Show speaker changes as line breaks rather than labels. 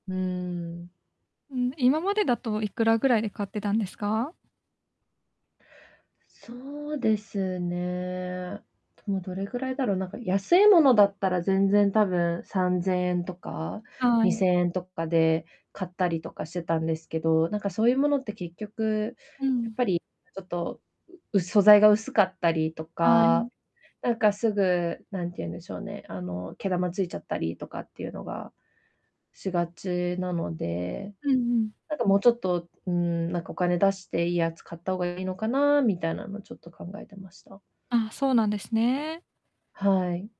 うん。
うん、今までだといくらぐらいで買ってたんですか？
そうですね。でもどれぐらいだろう、なんか安いものだったら全然、多分3000円とか、
は
に
い。
せんえんとかで買ったりとかしてたんですけど、なんかそういうものって結局、
う
やっ
ん。
ぱり、ちょっと、うう素材が薄かったりと
は
か、
い。
なんかすぐ、なんて言うんでしょうね、あの、毛玉ついちゃったりとかっていうのがしがちなので、
うんうん。
なんかもうちょっと、うん、なんかお金出していいやつ買った方がいいのかなみたいなのちょっと考えてました。
あ、そうなんですね。
はい。